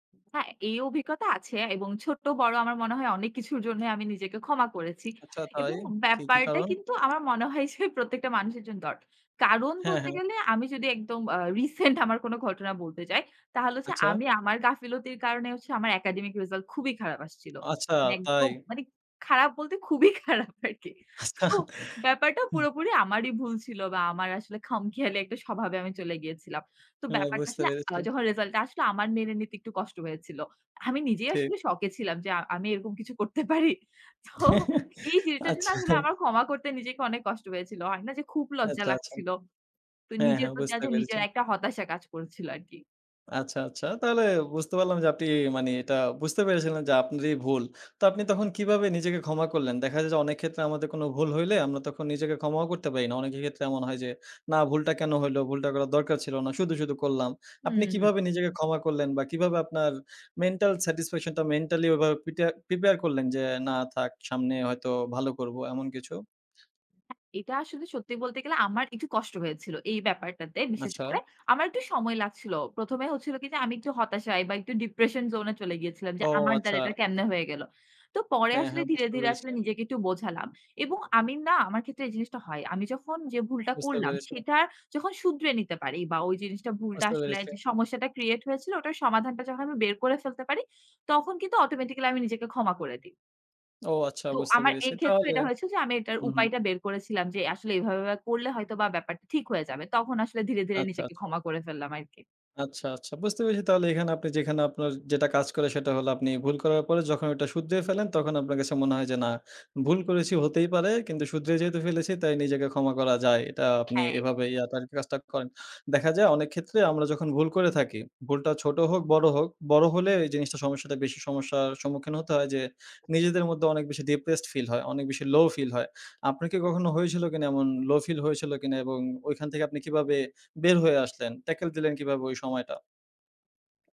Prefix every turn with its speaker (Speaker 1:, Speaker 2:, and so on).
Speaker 1: হ্যাঁ, এই অভিজ্ঞতা আছে। এবং ছোট্ট বড় আমার মনে হয় অনেক কিছুর জন্যই আমি নিজেকে ক্ষমা করেছি।
Speaker 2: আচ্ছা, তাই
Speaker 1: এবং
Speaker 2: কি, কি
Speaker 1: ব্যাপারটা
Speaker 2: কারণ?
Speaker 1: কিন্তু আমার মনে হয় যে, প্রত্যেকটা মানুষের জন্য দরকার। কারণ
Speaker 2: হ্যাঁ,
Speaker 1: বলতে
Speaker 2: হ্যাঁ।
Speaker 1: গেলে আমি যদি একদম আ রিসেন্ট আমার কোন ঘটনা বলতে চাই, তাহলে হচ্ছে
Speaker 2: আচ্ছা।
Speaker 1: আমি আমার গাফিলতির কারণে হচ্ছে আমার একাডেমিক রিসাল্ট খুবই খারাপ আসছিল।
Speaker 2: আচ্ছা,
Speaker 1: মানে
Speaker 2: তাই।
Speaker 1: একদম মানে খারাপ বলতে খুবই খারাপ আরকি।
Speaker 2: আচ্ছা,
Speaker 1: তো
Speaker 2: হু।
Speaker 1: ব্যাপারটা পুরোপুরি আমারই ভুল ছিল বা আমার আসলে খাম খেয়ালি একটা স্বভাবে আমি চলে গিয়েছিলাম। তো
Speaker 2: হ্যাঁ,
Speaker 1: ব্যাপারটা
Speaker 2: বুঝতে
Speaker 1: আসলে
Speaker 2: পেরেছি।
Speaker 1: যখন রিসাল্ট টা আসলো আমার মেনে নিতে একটু কষ্ট হয়েছিল। আমি নিজেই
Speaker 2: ঠিক।
Speaker 1: আসলে শকে ছিলাম যে আমি এরকম কিছু করতে পারি। তো এই যেটার জন্য
Speaker 2: আচ্ছা।
Speaker 1: আসলে আমার ক্ষমা করতে নিজেকে অনেক কষ্ট হয়েছিল। হয়না যে খুব লজ্জা
Speaker 2: আচ্ছা, আচ্ছা।
Speaker 1: লাগছিল। তো
Speaker 2: হ্যাঁ,
Speaker 1: নিজের
Speaker 2: হ্যাঁ
Speaker 1: প্রতি
Speaker 2: বুঝতে পেরেছি।
Speaker 1: নিজের একটা হতাশা কাজ করছিল আরকি।
Speaker 2: আচ্ছা, আচ্ছা। তাহলে বুঝতে পারলাম যে আপনি মানে এটা বুঝতে পেরেছিলেন যে আপনারই ভুল। তো আপনি তখন কিভাবে নিজেকে ক্ষমা করলেন দেখা যায় যে, অনেক ক্ষেত্রে আমাদের কোন ভুল হইলে আমরা তখন নিজেকে ক্ষমাও করতে পারি না। অনেকের ক্ষেত্রে এমন হয় যে, না ভুলটা কেন হইল, ভুলটা করার দরকার ছিল না। শুধু, শুধু করলাম। আপনি
Speaker 1: হুম, হুম।
Speaker 2: কিভাবে নিজেকে ক্ষমা করলেন বা কিভাবে আপনার মেন্টাল স্যাটিসফ্যাকশন টা মেন্টালি ওভাবে প্রিটা প্রিপেয়ার করলেন যে, না থাক সামনে হয়তো ভালো করব এমন কিছু।
Speaker 1: এটা আসলে সত্যি বলতে গেলে আমার একটু কষ্ট হয়েছিল এই ব্যাপারটাতে বিশেষ
Speaker 2: আচ্ছা।
Speaker 1: করে আমার একটু সময় লাগছিল। প্রথমে হচ্ছিল কি যে, আমি একটু হতাশা বা একটু ডিপ্রেশন জোন এ চলে গিয়েছিলাম
Speaker 2: ও!
Speaker 1: যে, আমার
Speaker 2: আচ্ছা।
Speaker 1: দ্বারা এটা কেমনে হয়ে গেল। তো পরে
Speaker 2: হ্যাঁ,
Speaker 1: আসলে
Speaker 2: হ্যাঁ,
Speaker 1: ধীরে,
Speaker 2: বুঝতে
Speaker 1: ধীরে
Speaker 2: পেরেছি।
Speaker 1: আসলে নিজেকে একটু বোঝালাম। এবং আমি না আমার ক্ষেত্রে এই জিনিসটা হয়। আমি যখন যে ভুলটা
Speaker 2: বুঝতে
Speaker 1: করলাম,
Speaker 2: পেরেছি।
Speaker 1: সেটা যখন শুধরে নিতে পারি বা ওই জিনিসটা ভুলটা
Speaker 2: বুঝতে
Speaker 1: আসলে
Speaker 2: পেরেছি।
Speaker 1: যে সমস্যাটা ক্রিয়েট হয়েছিল ওটার সমাধানটা যখন আমি বের করে ফেলতে পারি, তখন কিন্তু অটোমেটিক্যালি আমি নিজেকে ক্ষমা করে দিই।
Speaker 2: ও! আচ্ছা
Speaker 1: তো
Speaker 2: বুঝতে
Speaker 1: আমার
Speaker 2: পেরেছি
Speaker 1: এই ক্ষেত্রে
Speaker 2: তাহলে
Speaker 1: এটা হয়েছিল যে, আমি এটার
Speaker 2: হু, হুম।
Speaker 1: উপায়টা বের করেছিলাম যে আসলে এভাবে, এভাবে করলে হয়তো বা ব্যাপারটা ঠিক হয়ে যাবে। তখন আসলে ধীরে, ধীরে
Speaker 2: আচ্ছা,
Speaker 1: নিজেকে
Speaker 2: আচ্ছা।
Speaker 1: ক্ষমা করে ফেললাম আরকি।
Speaker 2: আচ্ছা, আচ্ছা বুঝতে পেরেছি তাহলে এখানে আপনি যেখানে আপনার যেটা কাজ করে সেটা হলো আপনি ভুল করার পরে যখন এটা শুধরিয়ে ফেলেন তখন আপনার কাছে মনে হয় যে, না, ভুল করেছি হতেই পারে। কিন্তু শুধরে যেহেতু ফেলেছি তাই নিজেকে ক্ষমা করা যায়। এটা আপনি
Speaker 1: হ্যাঁ।
Speaker 2: এভাবে তার কাজটা করেন। দেখা যায় অনেক ক্ষেত্রে আমরা যখন ভুল করে থাকি, ভুলটা ছোট হোক, বড় হোক, বড় হলে জিনিসটা সমস্যাটা বেশি সমস্যার সম্মুখীন হতে হয় যে, নিজেদের মধ্যে অনেক বেশি ডিপ্রেসড ফিল হয়। অনেক বেশি লো ফিল হয়। আপনাকে কি কখনো হয়েছিল কিনা এমন লো ফিল হয়েছিল কিনা এবং ঐখান থেকে আপনি কিভাবে বের হয়ে আসলেন, ট্যাকল দিলেন কিভাবে ওই সময়টা?